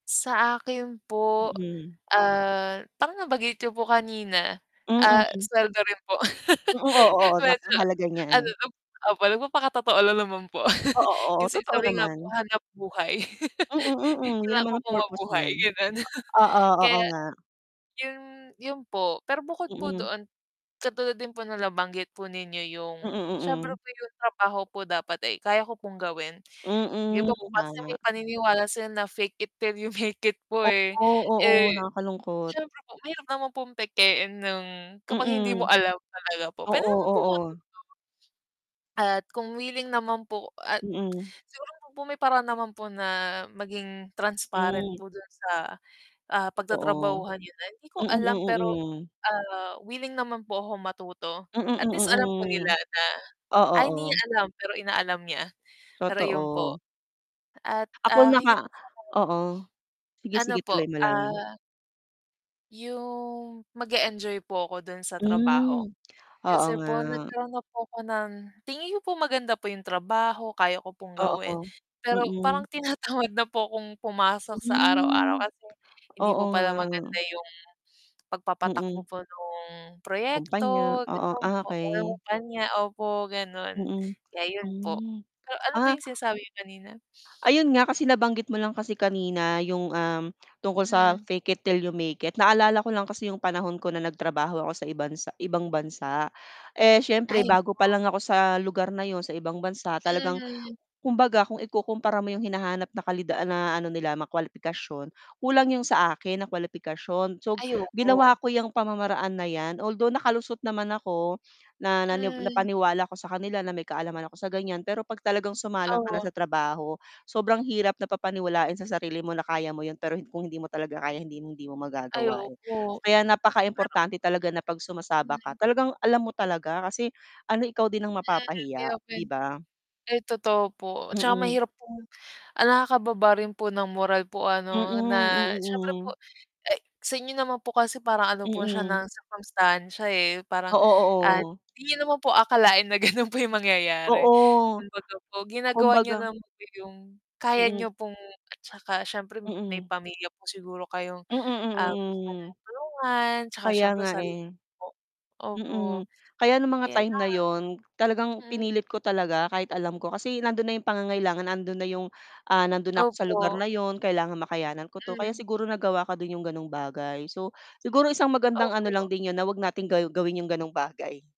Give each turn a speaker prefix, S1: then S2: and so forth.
S1: Sa akin po,
S2: Mm.
S1: ah, parang nabanggit niyo po kanina, ah,
S2: Mm.
S1: sweldo rin po
S2: Mm, oo, oo,
S1: medyo
S2: napakahalaga
S1: ano,
S2: niyan.
S1: nag opo, nagpapakatotoo lang naman po.
S2: Oo, oh,
S1: Kasi
S2: totoo
S1: sabi nga po
S2: naman.
S1: hanap buhay.
S2: Mm, mm, yun
S1: Kailangan
S2: naman
S1: ko
S2: ang
S1: po
S2: purpose
S1: mabuhay
S2: niyan.
S1: gano'n.
S2: O oo, oo
S1: Kaya,
S2: nga.
S1: yun yun po pero bukod po
S2: Mm.
S1: doon katulad din po nabanggit po ninyo yung
S2: Mm,
S1: siyempre
S2: mm.
S1: po yung trabaho po dapat, eh, kaya ko pong gawin, 'di
S2: Mm,
S1: ba, po kasi may
S2: tama.
S1: paniniwala sila na, "Fake it 'till you make it." po, eh.
S2: Oo, oo,
S1: Eh,
S2: nakakalungkot.
S1: siyempre po mahirap naman pong pekein ng kapag hindi mo
S2: Mm.
S1: alam talaga po, puwede
S2: Oo,
S1: naman pong
S2: oo.
S1: matuto. At kung willing naman po at
S2: Mm.
S1: siguro may paraan naman po na maging transparent
S2: Mm.
S1: po dun sa, ah,
S2: Totoo.
S1: pagtatrabahuhan n'yo na. Hindi ko
S2: Mm,
S1: alam pero,
S2: mm, mm.
S1: ah, willing naman po ako matuto
S2: Mm,
S1: at
S2: mm,
S1: least alam po nila
S2: hmm,
S1: na,
S2: o
S1: "Ay, hindi niya
S2: oo.
S1: alam, pero inaalam niya." pero yun po.
S2: Totoo.
S1: At,
S2: Ako
S1: ah,
S2: naka
S1: higit sa lahat
S2: oo. Sige,
S1: ano
S2: sige
S1: po,
S2: tuloy mo lang.
S1: ah yung mag-eenjoy po ako dun sa trabaho.
S2: Mm, oo
S1: Kasi
S2: nga.
S1: po nagkaroon na po ako ng tingin n'yo po maganda po yung trabaho, kaya ko pong gawin
S2: Oo,
S1: pero parang
S2: Mm.
S1: tinatawad na po kong pumasok sa araw-araw.
S2: Mhm.
S1: Kasi hindi
S2: oo
S1: po pala
S2: nga.
S1: maganda yung pagpapatakbo
S2: Mm.
S1: po nung
S2: Kumpanya
S1: proyekto
S2: oo,
S1: gano'n po,
S2: okey.
S1: kumpanya. Opo, gano'n,
S2: Mm.
S1: kaya yun po.
S2: Hmm,
S1: Ah, ano po
S2: ah
S1: yung sinasabi niyo kanina?
S2: Ayun nga, kasi nabanggit mo lang kasi kanina yung, um, tungkol sa,
S1: Hmm.
S2: "Fake it, till you make it." naalala ko lang kasi yung panahon ko na nagtrabaho ako sa ibansa ibang bansa. Eh, siyempre
S1: Ay [unintelligible]
S2: bago pa lang ako sa lugar na 'yon- sa ibang bansa- talagang
S1: Mm.
S2: kumbaga kung ikukumpara mo 'yong hinahanap na kalida na ano nila mga kwalipikasyon, kulang 'yong sa akin na kwalipikasyon. So,
S1: Ay, opo.
S2: ginawa ko yang pamamaraan na 'yan. Although, nakalusot naman ako na nani
S1: Mm.
S2: napaniwala ako sa kanila na may kaalaman ako sa ganyan, pero kapag talagang sumalang ka
S1: Oh.
S2: na sa trabaho sobrang hirap napapaniwalain sa sarili mo na kaya mo 'yon, pero kung hindi mo talaga kaya hindi hindi mo
S1: Ay,
S2: magagawa, eh.
S1: opo.
S2: Kaya
S1: Pero
S2: napakaimportante talaga na 'pag sumasabak
S1: Hmm.
S2: ka talagang alam mo talaga kasi ano ikaw din ang
S1: Mm,
S2: mapapahiya,
S1: i-open.
S2: 'di ba?
S1: Ay, totoo po tsaka
S2: Mm.
S1: mahirap pong nakakababa rin po ng moral po
S2: Mm,
S1: ano
S2: mm,
S1: na siyempre po,
S2: mm.
S1: ay sa inyo naman po kasi parang ano po siya ng
S2: Mm.
S1: circumstancia, eh. Parang,
S2: Oo,
S1: at
S2: oo.
S1: hindi naman po akalain na ganun po yung mangyayari
S2: Oo,
S1: kumbaga po ginagawa niyo
S2: kumbagang
S1: naman po yung kaya
S2: Mm.
S1: niyo pong at tsaka siyempre may
S2: Mm.
S1: pamilya po siguro kayong,
S2: Mm,
S1: ah,
S2: mm,
S1: gustong
S2: mm.
S1: tulungan tsaka
S2: Kaya
S1: siyempre
S2: nga,
S1: sarili
S2: eh.
S1: po. Opo.
S2: Mm, kaya nung mga
S1: Kaya
S2: time
S1: lang
S2: na yun talagang
S1: mm.
S2: pinilit ko talaga kahit alam ko, kasi nandun na yung pangangailangan nandun na yung nandun na ako sa lugar
S1: Opo.
S2: na yun kailangan makayanan ko 'to. Kaya
S1: Mm.
S2: siguro nagawa ko din yung ganong bagay, so siguro isang magandang ano
S1: Opo.
S2: lang din yun na wag nating gawin yung ganong bagay.